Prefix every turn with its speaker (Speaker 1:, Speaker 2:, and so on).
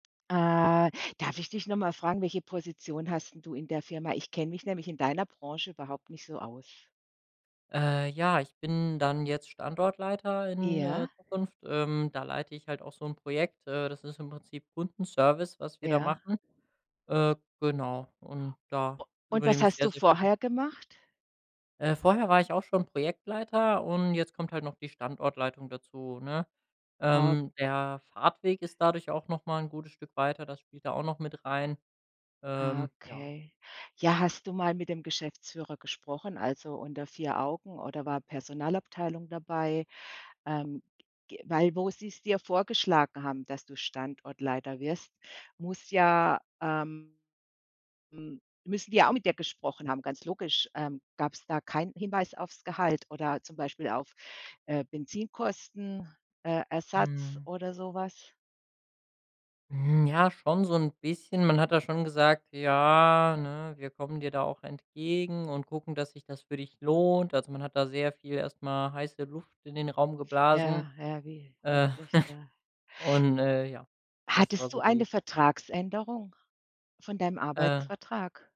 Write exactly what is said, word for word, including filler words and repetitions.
Speaker 1: Äh, darf ich dich noch mal fragen: Welche Position hast 'n du in der Firma? Ich kenne mich nämlich in deiner Branche überhaupt nicht so aus.
Speaker 2: Äh, ja, ich bin dann jetzt Standortleiter in, äh,
Speaker 1: Ja.
Speaker 2: Zukunft. Ähm, da leite ich halt auch so 'n Projekt, äh, das ist im Prinzip Kundenservice, was wir da
Speaker 1: Ja.
Speaker 2: machen. Äh, genau und
Speaker 1: U
Speaker 2: da
Speaker 1: und was
Speaker 2: übernehme ich
Speaker 1: hast du
Speaker 2: sehr, sehr viel.
Speaker 1: vorher gemacht?
Speaker 2: Äh, vorher war ich auch schon Projektleiter und jetzt kommt halt noch die Standortleitung dazu, ne?
Speaker 1: Au
Speaker 2: Ähm, der Fahrtweg ist dadurch auch noch mal 'n gutes Stück weiter, das spielt da auch noch mit rein.
Speaker 1: Ah,
Speaker 2: Ähm, ja.
Speaker 1: okay, ja, hast du mal mit dem Geschäftsführer gesprochen, also unter vier Augen, oder war Personalabteilung dabei? Ähm, ge weil, wo sie's dir vorgeschlagen haben, dass du Standortleiter wirst, muss ja ähm, hm, müssen die ja auch mit dir gesprochen haben, ganz logisch, ähm, gab's da keinen Hinweis aufs Gehalt oder zum Beispiel auf, äh, Benzinkosten äh, Ersatz
Speaker 2: Mhm.
Speaker 1: oder so was?
Speaker 2: Hm, ja, schon so 'n bisschen. Man hat da schon gesagt: „Ja, ne, wir kommen dir da auch entgegen und gucken, dass sich das für dich lohnt.“ Also, man hat da sehr viel erstmal heiße Luft in den Raum geblasen,
Speaker 1: Ja, ja, wie holt
Speaker 2: äh.
Speaker 1: sich der?
Speaker 2: Und, äh, ja, das war
Speaker 1: Hattest du
Speaker 2: so
Speaker 1: eine
Speaker 2: die
Speaker 1: Vertragsänderung von deinem
Speaker 2: Äh.
Speaker 1: Arbeitsvertrag?